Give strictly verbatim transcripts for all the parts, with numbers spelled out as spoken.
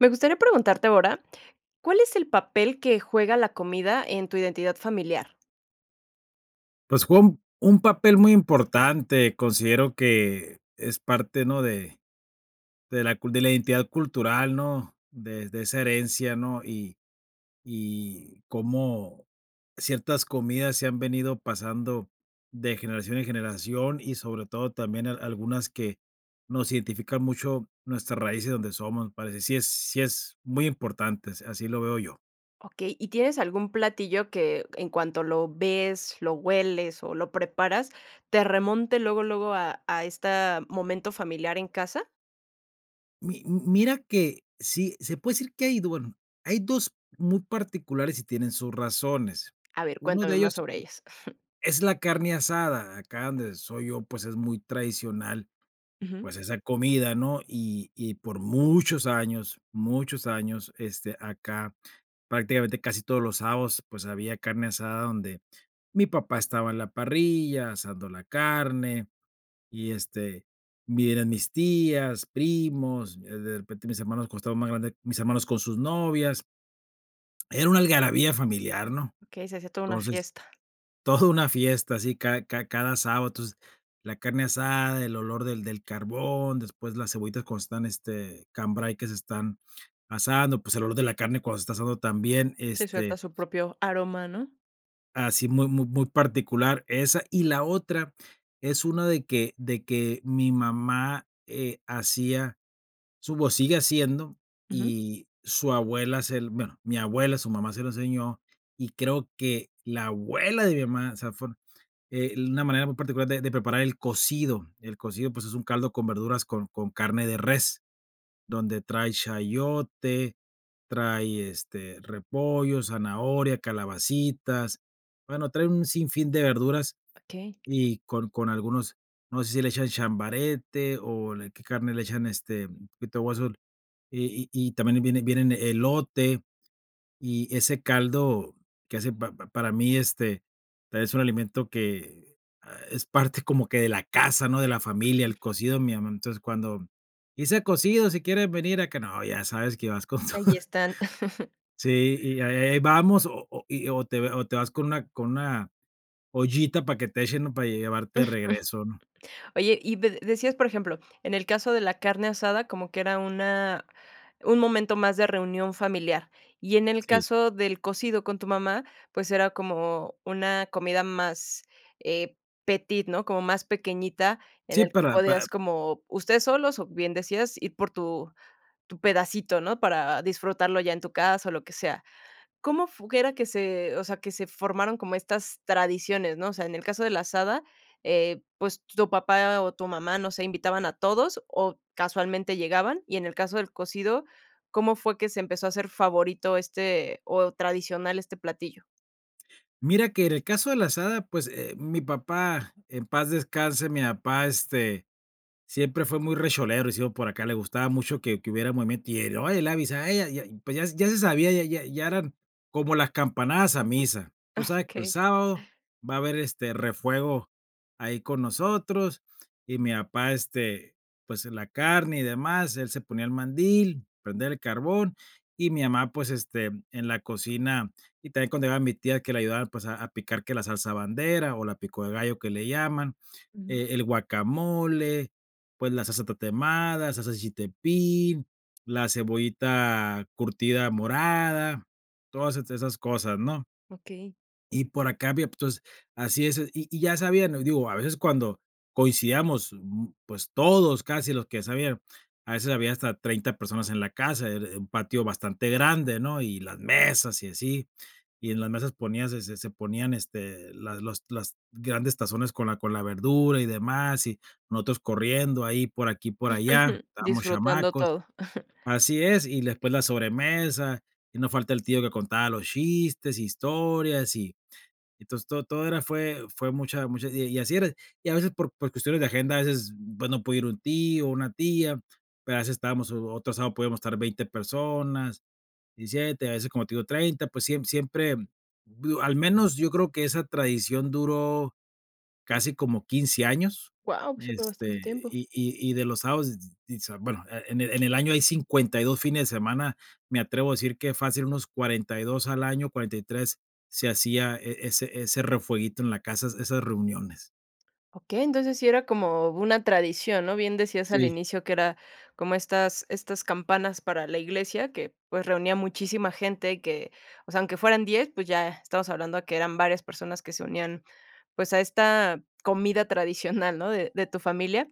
Me gustaría preguntarte ahora, ¿cuál es el papel que juega la comida en tu identidad familiar? Pues, fue un un papel muy importante, considero que es parte, ¿no?, de de la cul de la identidad cultural, ¿no?, de de esa herencia, ¿no?, y y cómo ciertas comidas se han venido pasando de generación en generación, y sobre todo también al algunas que nos identifican mucho nuestras raíces de donde somos, me parece, sí es sí es muy importante, as así lo veo yo. Okey, ¿y tienes algún platillo que, en cuanto lo ves, lo hueles, o lo preparas, te remonte luego luego a a esta momento familiar en casa? Mi m mira que sí se puede decir que hay do bueno, hay dos muy particulares y tienen sus razones. A ver, Uno de cuéntame ellos más sobre ellas. es la carne asada, acá donde soy yo, pues, es muy tradicional, Ujú. pues esa comida, ¿no?, y y por muchos años, muchos años, este, acá prácticamente casi todos los sábados, pues había carne asada, donde mi papá estaba en la parrilla, asando la carne, y este, vi eran mis tías, primos, eh, de repente mis hermanos, como estaban más grandes, mis hermanos con sus novias. Era una algarabía familiar, ¿no? Ok, se hacía toda una Entonces, fiesta. toda una fiesta sí cada cada cada sábado, entonces la carne asada, el olor del del carbón, después las cebollitas cuando están, este cambray que se están asando, pues el olor de la carne cuando se está asando también, Si, suelta este su propio aroma, ¿no? así muy muy muy particular esa. Y la otra, es una de que de que mi mamá, eh, hacía su o sigue haciendo Ujú. y su abuela se l bueno, mi abuela, su mamá, se lo enseñó, y creo que la abuela de mi mamá, o sea, fue, eh, una manera muy particular de de preparar el cocido. El cocido pues es un caldo con verduras con con carne de res, donde trae chayote, trae, este, repollo, zanahoria, calabacitas, bueno trae un sinfín de verduras Okey. y con con algunos, no sé si le echan chambarete o de qué carne le echan, este mm, un poquito de hueso y y y también eh, viene vienen elote y ese caldo que hace pa pa para mí, este, es un alimento que es parte como que de la casa, ¿no?, de la familia, Ujú. el cocido de mi amá, entonces, cuando: "hice cocido, si quieren venir acá", no, ya sabes que vas con Que todo. allí están. Sí, y a eh eh vamos, o o y o te o te vas con una con una ollita para que te echen, ¿no?, para llevarte de regreso, ¿no? Oye, y de decías, por ejemplo, en el caso de la carne asada, como que era una un momento más de reunión familiar. Y en el Sí. caso del cocido con tu mamá, pues era como una comida más, eh, petite, ¿no?, como más pequeñita, en Sí, el que para podías para como ustedes solos, o bien decías ir por tu tu pedacito, ¿no?, para disfrutarlo ya en tu casa, o lo que sea. ¿Cómo fu g era que se, o sea, que se formaron como estas tradiciones, no? O sea, en el caso de la asada, eh, pues t tu papá o tu mamá, no sé, ¿invitaban a todos o casualmente llegaban?, y en el caso del cocido, ¿cómo fue que se empezó a hacer favorito este o tradicional, este platillo? Mira que en el caso de la asada pues, eh, mi papá, en paz descanse, mi apá, este, siempre fue muy recholero y decimos por acá, le gustaba mucho que que hubiera movimiento y él, "oye, le avisé a ella", ya, pues ya ya se sabía, ya ya ya eran como las campanadas a misa. Tú sabes que el Okey. sábado va a haber, este, refuego ahí con nosotros y mi apá, este pues en la carne y demás, él se ponía el mandil, prender el carbón y mi amá, pues, este, en la cocina y también cuando iba mi tía que le ayudaba, pues, a a picar que la salsa bandera o la pico de gallo que le llaman, Ujú. eh el guacamole, pues, la salsa tatemada, salsa de chiltepín, la cebollita curtida morada, todas est esas cosas, ¿no? Okey. Y por acá había p entonces así es, y y ya sabían, o digo, a veces cuando coincidíamos, mm pues, todos, casi los que ya sabían, a veces había hasta treinta personas en la casa, era er un patio bastante grande, ¿no? Y las mesas y así, y en las mesas ponías, eh se se ponían, este, las los las grandes tazones con la con la verdura y demás, y nosotros corriendo ahí por aquí, por allá, estábamos Disfrutando chamacos. todo. Así es, y después la sobremesa, y no falta el tío que contaba los chistes, historias y entonces to todo era fue fue mucha mucha y y así era, y a veces por por cuestiones de agenda a veces pues no podía ir un tío o una tía, pero a veces estábamos o otro sábado podíamos estar veinte personas, diecisiete, a veces, como te digo, treinta, pues siem siempre, digo, al menos yo creo que esa tradición duró casi como quince años, Guau, sí fue este, bastante tiempo. y y y de los sábados, s s y s bueno, e en en el año hay cincuenta y dos fines de semana, me atrevo a decir que fácil unos cuarenta y dos al año, cuarenta y tres, se hacía e ese ese refueguito en la casa, es esas reuniones. Okey, entonces sí era como una tradición, ¿no?, bien decías al Sí. inicio que era como estas estas campanas para la iglesia que, pues, reunía a muchísima gente que, o sea, aunque fueran diez, pues, ya estamos hablando que eran varias personas que se unían, pues a esta comida tradicional, ¿no?, de de tu familia.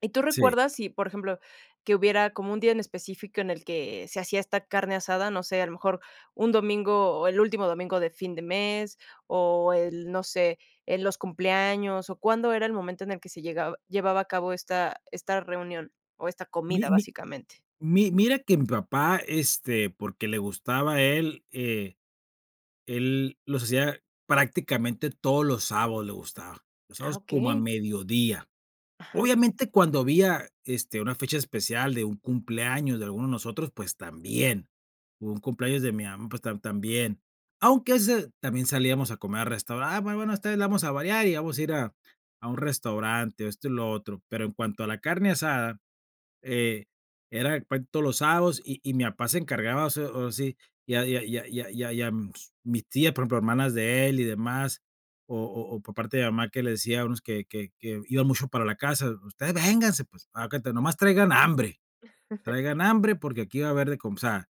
¿Y tú Sí. recuerdas si, por ejemplo, que hubiera como un día en específico en el que se hacía esta carne asada? No sé, a lo mejor un domingo, o el último domingo de fin de mes o el, no sé, en los cumpleaños o, ¿cuándo era el momento en el que se llegaba llevaba a cabo esta, esta reunión, o esta Mi comida, mi básicamente? mi mira que mi papá, este, porque le gustaba a él, eh, él los hacía prácticamente todos los sábados, le gustaba, los Ah, sábados como a okey. mediodía. Ajá. Obviamente, cuando había, este, una fecha especial de un cumpleaños de alguno de nosotros, pues también, o un cumpleaños de mi mamá, pues tam también. Aunque a veces también salíamos a comer a restaurante: "Ah, bueno, esta vez la vamos a variar y vamos a ir a a un restaurante", esto y lo otro, pero en cuanto a la carne asada, eh, era puen todos los sábados y y mi papá se encargaba hace o así, ya ya ya ya ya y a ms mis tías, por ejemplo, hermanas de él y demás, o o o por parte de mamá que le decía a unos que que que iban mucho para la casa: "Ustedes vénganse, pues, aecuenta nomás traigan hambre, traigan hambre porque aquí va a haber de com" o sea,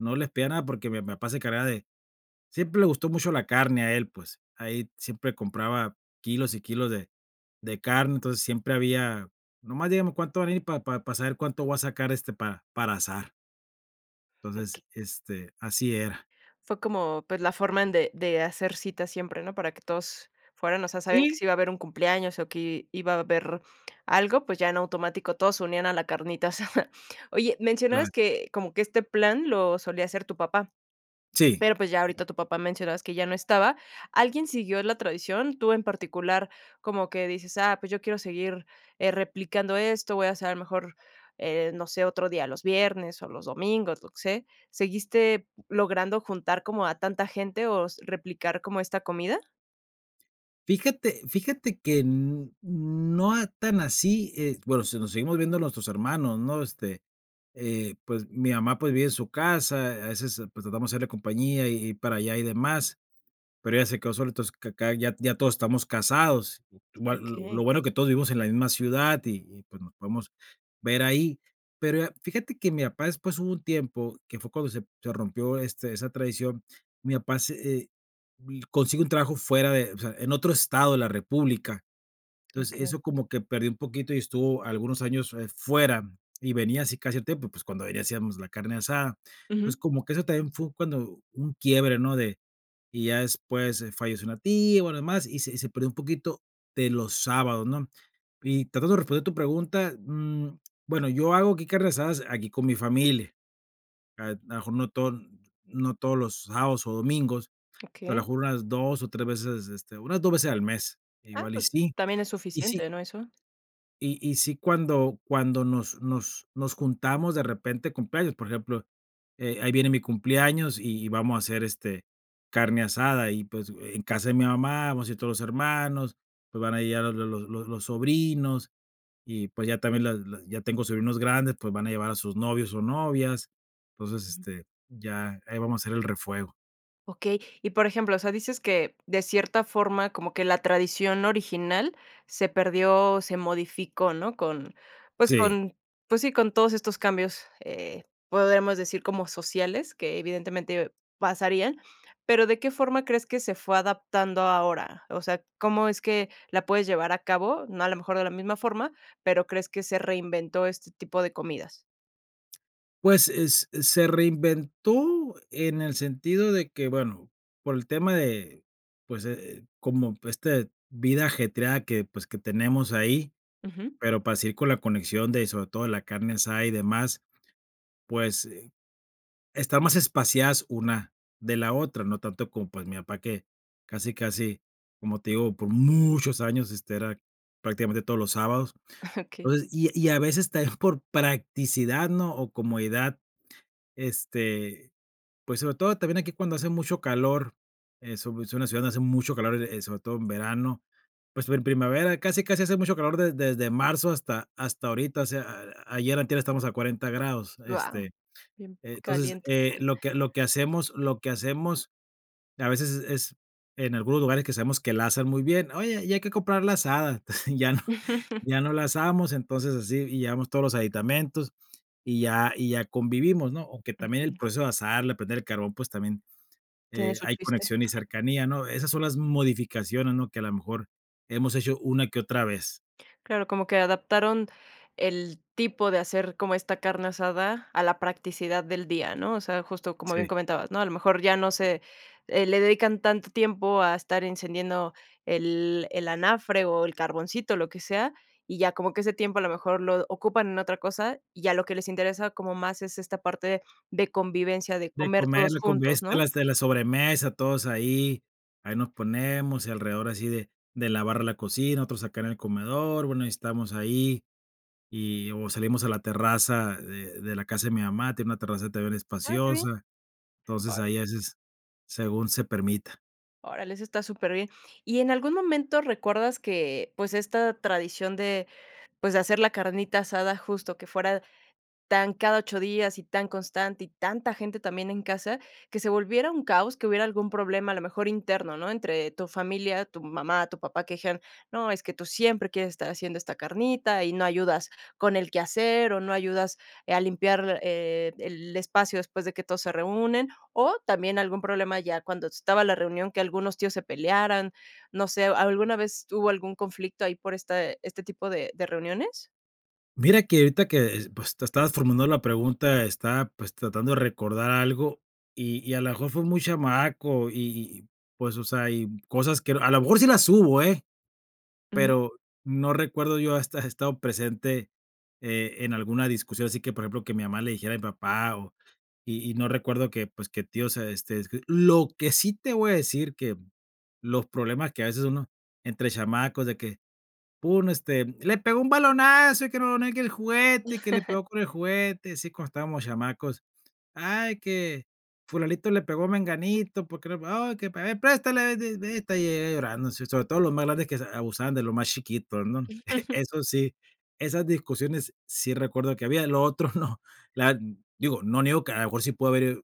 no les pedía nada porque mi mi papá se encargaba de siempre le gustó mucho la carne a él, pues. Ahí siempre compraba kilos y kilos de de carne, entonces siempre había: "Nomás dígame cuántos van a ir pa pa para saber cuánto voy a sacar, este, pa para asar". O Entonces, este, así era. Fue como, pues, la forma en de de hacer citas siempre, ¿no? Para que todos fueran o sea, sabían que Sí. si iba a haber un cumpleaños o que iba a haber algo, pues, ya en automático todos se unían a la carnita asada. Oye, Claro. mencionabas que como que este plan lo solía hacer tu papá. Sí. Pero, pues, ya En ahorita tu papá, mencionabas que ya no estaba. Alguien siguió la tradición, tú en particular, como que dices: "Ah pues yo quiero seguir, eh, replicando esto, voy a hacer mejor, eh, no sé, otro día los viernes o los domingos", yo que sé. ¿Seguiste p logrando juntar como a tanta gente, o s replicar como esta comida? Fíjate, fíjate que n n no a tan así, eh, bueno, sí nos seguimos viendo nuestros hermanos, ¿no? Este, eh, pues, mi mamá, pues, vive en su casa, a veces, pues, tratamos de hacerle compañía y y ir para allá y demás, pero ella se quedó sola. Entonces acá, ya ya todos estamos casados, igual lo Okey. lo bueno que todos vivimos en la misma ciudad, y y pues nos podemos ver ahí. Pero fíjate que mi papá después, hubo un tiempo que fue cuando se se rompió, este esa tradición, mi papá se, eh, vi consigue un trabajo fuera de o sea, en otro estado de la república. Entonces Okey. eso como que perdió un poquito, y estuvo algunos años, eh, fuera, y venía así casi a tiempo, pues, cuando ahí le hacíamos la carne asada. Uju. Entonces como que eso también fue cuando un quiebre, ¿no? De y ya después falleció una tia, y bueno lo demás, y se y se perdió un poquito de los sábados, ¿no? Y tratando de responder tu pregunta, mm, bueno, yo hago aquí carne asadas aquí con mi familia, a lo mejor no todo no todos los sábados o domingos, pero a Okey. lo mejor unas dos, o, tres veces, este, unas dos veces al mes, Ah, igual y pues, sí. también es Y sí. suficiente, ¿no?, eso. Y y sí cuando cuando nos nos nos juntamos de repente de cumpleaños, por ejemplo, eh, ahí viene mi cumpleaños, y y vamos a hacer, este, carne asada y, pues, en casa de mi mamá, vamos a ir todos los hermanos, pues, van a llegar los los los sobrinos y, pues, ya también las las ya tengo sobrinos grandes, pues, van a llevar a sus novios o novias. Entonces, Uju. este, ya ahí vamos a hacer el refuego. Okey. Y por ejemplo, o sea, dices que de cierta forma, como que la tradición original se perdió, o se modificó ¿no? Con, pues Sí. con, pues sí, con todos estos cambios, eh, podemos decir como sociales, que evidentemente pasarían. Pero, ¿de qué forma crees que se fue adaptando ahora? O sea, ¿cómo es que la puedes llevar a cabo? No, a lo mejor de la misma forma, ¿pero crees que se reinventó este tipo de comidas? Pues, es se reinventó en el sentido de que, bueno, por el tema de, pues, eh, como esta vida ajetreada que, pues, que tenemos ahí, Ujú. pero para seguir con la conexión de, sobre todo, la carne asada y demás, pues, eh, está más espaciadas una de la otra, no tanto como, pues, mi papá que casi casi, como te digo, por muchos años, este, era prácticamente todos los sábados. Okey. Entonces, y y a veces también por practicidad, ¿no? O comodidad, este, pues sobre todo también aquí cuando hace mucho calor, es u es una ciudad donde hace mucho calor, eh, sobre todo en verano, pues en primavera casi casi hace mucho calor desde desde marzo hasta hasta ahorita. O sea, ayer, antier, estamos a cuarenta grados, Guau. este. Bien Entonces, caliente. eh, lo que lo que hacemos lo que hacemos a veces es es en algunos lugares que sabemos que la asan muy bien: "Oye, ya hay que comprarla asada". Ya no ya no la asamos, entonces así y llevamos todos los aditamentos y ya y ya convivimos, ¿no? Aunque también el Okey. proceso de asarla, prender el carbón, pues también, Tiene eh, su hay chiste. conexión y cercanía, ¿no? Esas son las modificaciones, ¿no? Que a lo mejor hemos hecho una que otra vez. Claro, como que adaptaron el tipo de hacer como esta carne asada a la practicidad del día, ¿no? O sea, justo como bien Sí. comentabas, ¿no? A lo mejor ya no se, eh, le dedican tanto tiempo a estar encendiendo el el anafre o el carboncito, lo que sea, y ya como que ese tiempo a lo mejor lo ocupan en otra cosa, y ya lo que les interesa como más es esta parte de convivencia, de De comer comer, todos juntos, convives ¿no? de la sobremesa, todos ahí, ahí nos ponemos, y alrededor así de de lavar la cocina, otros acá en el comedor. Bueno, y estamos ahí, y o salimos a la terraza de de la casa de mi mamá, tiene una terraza también Ah, qué bien. espaciosa. Entonces, ahí Órale. a veces, según se permita. Órale, ese está superbién. Y en algún momento recuerdas que, pues, esta tradición de, pues, de hacer la carnita asada justo que fuera tan cada ocho días y tan constante y tanta gente también en casa, que se volviera un caos, que hubiera algún problema a lo mejor interno, ¿no? Entre tu familia, tu mamá, tu papá, que dijeran: "No, es que tú siempre quieres estar haciendo esta carnita y no ayudas con el quehacer o no ayudas a limpiar, eh, el espacio después de que todos se reúnen", o también algún problema ya cuando estaba la reunión, que algunos tíos se pelearan, no sé, ¿alguna vez hubo algún conflicto ahí por este este tipo de de reuniones? Mira que ahorita que, pues, tú estabas formulando la pregunta, estaba, pues, tratando de recordar algo, y y a lo mejor fue muy chamaco, y y, pues, o sea, y cosas que, a lo mejor sí las hubo, ¿eh?, Uju. pero no recuerdo yo haber estado presente, eh, en alguna discusión, así que, por ejemplo, que mi mamá le dijera a mi papá o y y no recuerdo que, pues, que tíos se, este, escri lo que sí te voy a decir que los problemas que a veces uno entre chamacos de que, pum, este: "le pegó un balonazo y que no no quiere el juguete y que le pegó con el juguete", así cuando estábamos chamacos: "Ay, que fulanito le pegó a menganito porque no oh y que para ver, ey, préstale" [unintelligible] y llega llorando, sobre todo los más grandes que abusaban de lo más chiquitos, ¿no? Eso sí, esas discusiones sí recuerdo que había, lo otro no, la digo, no niego que a lo mejor sí pudo haber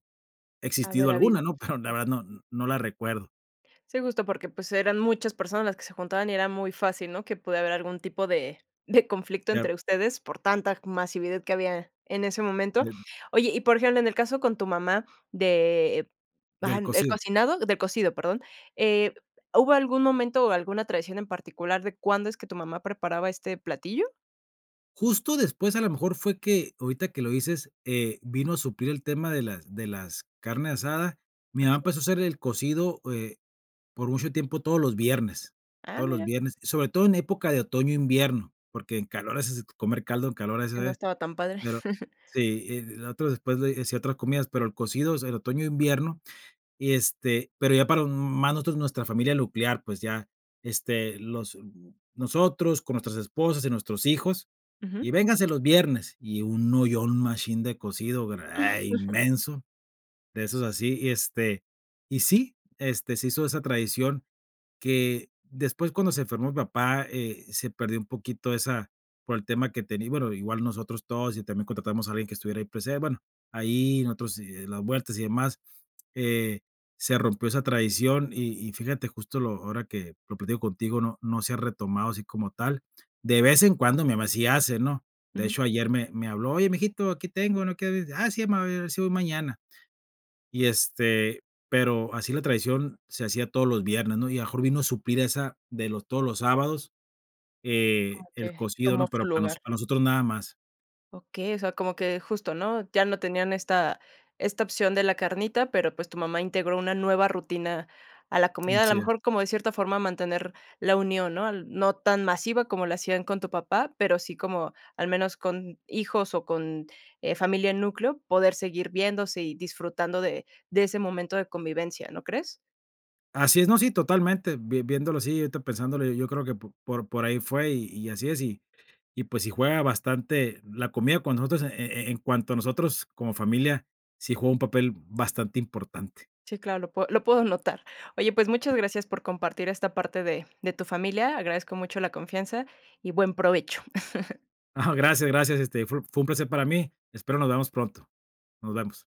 existido Haber habido, alguna, ¿no? Pero la ajá. verdad no no la recuerdo. Sí, justo porque, pues, eran muchas personas las que se juntaban y era muy fácil, ¿no?, que puede haber algún tipo de de conflicto Claro. entre ustedes por tanta masividad que había en ese momento. Bien. Oye, y por ejemplo, en el caso con tu mamá, de, Del ah, el cocido. cocinado, de cocido, perdón, eh, ¿hubo algún momento o alguna tradición en particular de cuándo es que tu mamá preparaba este platillo? Justo después, a lo mejor, fue que ahorita que lo dices, eh, vino a suplir el tema de las de las carne asada. Mi mamá Okey. empezó a hacer el cocido, eh, por mucho tiempo todos los viernes, Ah, todos los mira. viernes, sobre todo en época de otoño, invierno, porque en calor es comer caldo, en calor es, Que no estaba tan padre. claro, sí, nosotros después de hacía otras comidas, pero el cocido es el otoño, invierno, y este, pero ya para más nosotros, nuestra familia nuclear, pues ya, este, los nosotros con nuestros esposas y nuestros hijos, y Ujú. vénganse los viernes, y un ollón un machín de cocido, eh, inmenso, de esos así y este y sí, este se hizo esa tradición que después, cuando se enfermó mi papá, eh, se perdió un poquito esa, por el tema que tenía bueno igual nosotros todos y también contratamos a alguien que estuviera ahí presente, bueno, ahí nosotros las vueltas y demás, eh, se rompió esa tradición, y y fíjate justo lo ahora que lo platico contigo, no no se ha retomado así como tal. De vez en cuando mi mamá sí hace, ¿no?, de Ujú. hecho ayer me me habló: "Oye, mijito, aquí tengo, no quieres", ah sí, mamá, a ver si voy mañana. Y, este, pero así la tradición se hacía todos los viernes, ¿no?, y a lo mejor vino a suplir esa, de los, todos los sábados, eh, el [unintelligible] cocido, tomó ¿no?, su pero para noso lugar. para nosotros nada más. Okey, o sea, como que justo, ¿no?, ya no tenían esta esta opción de la carnita, pero, pues, tu mamá integró una nueva rutina a la Um, comida. A lo sí. Eh. mejor, como de cierta forma, mantener la unión, ¿no?, no tan masiva como lo hacían con tu papá, pero sí como, al menos con hijos o con, eh, familia núcleo, poder seguir viéndose y disfrutando de de ese momento de convivencia, ¿no crees? Así es, no, sí, totalmente, vien viéndolo así, ahorita pensándolo, yo creo que por por ahí fue y y así es, y y pues si juega bastante la comida con nosotros e e en cuanto a nosotros como familia, sí juega un papel bastante importante. Sí, claro, lo pue lo puedo notar. Oye, pues muchas gracias por compartir esta parte de de tu familia, agradezco mucho la confianza, y buen provecho. Gracias, gracias, este, fue fue un placer para mí, espero nos vemos pronto, nos vemos.